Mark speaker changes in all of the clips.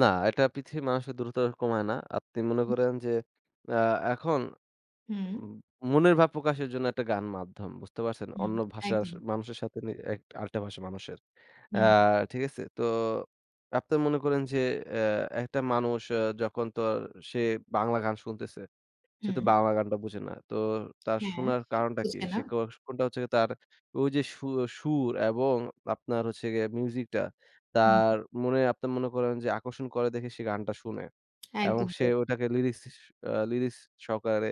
Speaker 1: না, এটা পৃথিবীর মানুষের দূরত্ব কমায় না। আপনি মনে
Speaker 2: হু।
Speaker 1: করেন যে অ্যা এখন
Speaker 2: হুম।
Speaker 1: উম মনের ভাব প্রকাশের জন্য একটা গান মাধ্যম। বুঝতে পারছেন?
Speaker 2: হুম।
Speaker 1: অন্য ভাষা স
Speaker 2: একদম।
Speaker 1: মানুষের সাথে নি এক আরেকটা ভাষার মানুষের। অ্যা
Speaker 2: হুম।
Speaker 1: ঠিক আছে? তো আপনার মনে করেন যে অ্যা একটা মানুষ আ যখন তো সে বাংলা গান শুনতেছে, সে তো
Speaker 2: হুম।
Speaker 1: বাংলা গানটা বুঝে না। তোর তার
Speaker 2: হ্যাঁ।
Speaker 1: শোনার
Speaker 2: সে তো
Speaker 1: কারণটা কি?
Speaker 2: বুঝে না।
Speaker 1: সে কি [unintelligible] হচ্ছে গিয়ে তার ওই যে সু অ সুর এবং আপনার হচ্ছে গিয়ে মিউজিকটা
Speaker 2: হুম।
Speaker 1: তার মনে আপনার মনে করেন যে আকর্ষণ করে দেখে সে গানটা শুনে। এবং
Speaker 2: একদম
Speaker 1: সে
Speaker 2: তাই।
Speaker 1: ওটাকে লিরিস আ লিরিক্স সহকারে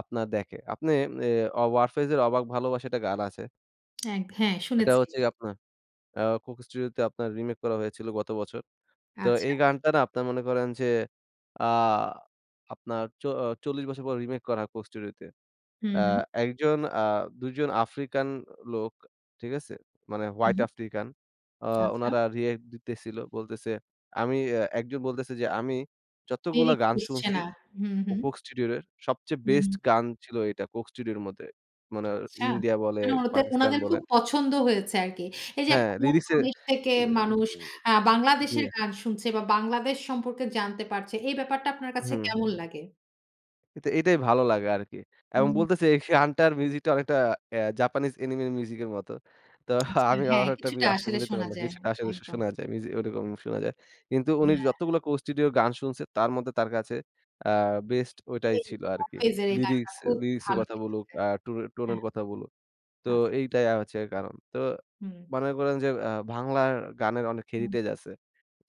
Speaker 1: আপনার দেখে। আপনে ইয়ে 'ওয়ারফেজের' 'অবাক ভালোবাসা' একটা গান আছে।
Speaker 2: হ্যাঁ, হ্যাঁ,
Speaker 1: এটা
Speaker 2: শুনেছি।
Speaker 1: হচ্ছে আপনার আ কোক স্টুডিওতে আপনার রিমেক করা হয়েছিল গত বছর। তো
Speaker 2: আচ্ছা।
Speaker 1: এই গানটা না আপনারা মনে করেন যে আ আপনার চ অ ৪০ বছর পর রিমেক করা হয় কোক স্টুডিওতে।
Speaker 2: হু,
Speaker 1: অ্যা
Speaker 2: হু।
Speaker 1: ১ জন আ ২ জন 'আফ্রিকান' লোক, ঠিক আছে? মানে হোয়াইট
Speaker 2: হু।
Speaker 1: আফ্রিকান, আ
Speaker 2: আচ্ছা।
Speaker 1: উনারা রিঅ্যাক্ট দিতেছিল। বলতেছে, আমি আ একজন বলতেছে যে আমি যতগুলা
Speaker 2: লিরিক্স
Speaker 1: গান
Speaker 2: বুঝছে
Speaker 1: শুনছি
Speaker 2: না। হুম,
Speaker 1: ও
Speaker 2: হুম।
Speaker 1: কোক স্টুডিওর এর। সবচেয়ে বেস্ট
Speaker 2: হুম।
Speaker 1: গান ছিল এটা কোক স্টুডিওর মধ্যে। মানের
Speaker 2: আচ্ছা।
Speaker 1: ইন্ডিয়া বলে,
Speaker 2: মানে ওদের,
Speaker 1: পাকিস্তান
Speaker 2: ওনাদের খুব
Speaker 1: বলেন
Speaker 2: পছন্দ হয়েছে আরকি। এই যে
Speaker 1: হ্যাঁ।
Speaker 2: একটা অন্য
Speaker 1: লিরিক্সে
Speaker 2: দেশ থেকে
Speaker 1: অ্যা
Speaker 2: মানুষ অ্যা
Speaker 1: জ্বী।
Speaker 2: 'বাংলাদেশের' গান শুনছে বা 'বাংলাদেশ' সম্পর্কে জানতে পারছে, এই ব্যাপারটা আপনার
Speaker 1: উ
Speaker 2: কাছে
Speaker 1: হুম।
Speaker 2: কেমন লাগে?
Speaker 1: কিন্তু এটাই ভালো লাগে আরকি। এবং
Speaker 2: হুম।
Speaker 1: বলতেছে এই সে গানটার মিউজিকটা অনেকটা অ্যা জাপানিজ অ্যানিমের মিউজিকের মত। তো
Speaker 2: আচ্ছা।
Speaker 1: আমি
Speaker 2: হ্যাঁ,
Speaker 1: অনেকটা
Speaker 2: কিছুটা
Speaker 1: আসলে
Speaker 2: আসলে
Speaker 1: মিলাইতে
Speaker 2: শোনা
Speaker 1: পারলাম
Speaker 2: যায়।
Speaker 1: কিছুটা আসলে শো
Speaker 2: একদম।
Speaker 1: শোনা যায়। মিউজিক ওরকম শোনা যায়। কিন্তু উনি
Speaker 2: হ্যাঁ।
Speaker 1: যতগুলো কোক স্টুডিওর গান শুনছে তার মধ্যে তার কাছে আ বেস্ট ওইটাই
Speaker 2: এই
Speaker 1: ছিল আরকি।
Speaker 2: 'ওয়ারফেজের' এই গানটা
Speaker 1: লিরিক্স
Speaker 2: খুব
Speaker 1: লিরিক্সের
Speaker 2: ভালো
Speaker 1: কথা বলুক,
Speaker 2: লেগেছে।
Speaker 1: আ টো টোনের, টোনের
Speaker 2: হ্যাঁ।
Speaker 1: কথা বলুক। তো
Speaker 2: আচ্ছা।
Speaker 1: এইটাই আ হচ্ছে কারণ। তো
Speaker 2: হুম।
Speaker 1: মনে করেন যে আ বাংলার গানের অনেক
Speaker 2: উম।
Speaker 1: হেরিটেজ আছে।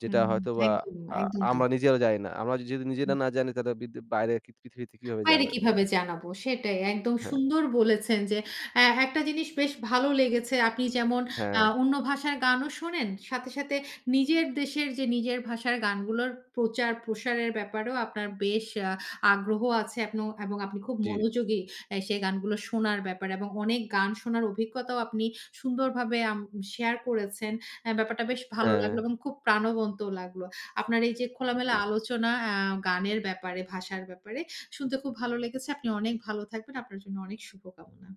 Speaker 1: যেটা
Speaker 2: হুম।
Speaker 1: হয়তো বা
Speaker 2: একদমই,
Speaker 1: আ
Speaker 2: একদম তাই।
Speaker 1: আমরা নিজেরাও জানি না। আমরা যদি
Speaker 2: হুম।
Speaker 1: নিজেরা না জানি তাহলে বি দি বাইরে কিথ পৃথিবীতে কিভাবে
Speaker 2: বাইরে
Speaker 1: জানবে বল?
Speaker 2: কিভাবে জানাবো, সেটাই। একদম
Speaker 1: হ্যাঁ।
Speaker 2: সুন্দর বলেছেন যে, এ একটা জিনিস বেশ ভালো লেগেছে। আপনি যেমন আ
Speaker 1: হ্যাঁ।
Speaker 2: অন্য ভাষার গানও শোনেন। সাথে সাথে নিজের দেশের যে নিজের ভাষার গানগুলোর প্রচার-প্রসারের ব্যাপারেও আপনার বেশ আ আগ্রহ আছে এবং, এবং আপন আপনি খুব
Speaker 1: জি।
Speaker 2: মনোযোগী অ্যা সেই গানগুলো শোনার ব্যাপারে এবং অনেক গান শোনার অভিজ্ঞতাও আপনি সুন্দরভাবে আম শেয়ার করেছেন। অ্যা ব্যাপারটা বেশ ভালো লাগলো
Speaker 1: হ্যাঁ।
Speaker 2: এবং খুব প্রাণবন্তও লাগলো। আপনার এই যে খোলামেলা
Speaker 1: ওকে।
Speaker 2: আলোচনা অ্যা গানের ব্যাপারে, ভাষার ব্যাপারে, শুনতে খুব ভালো লেগেছে। আপনি অনেক ভালো থাকবেন। আপনার জন্য অনেক শুভকামনা।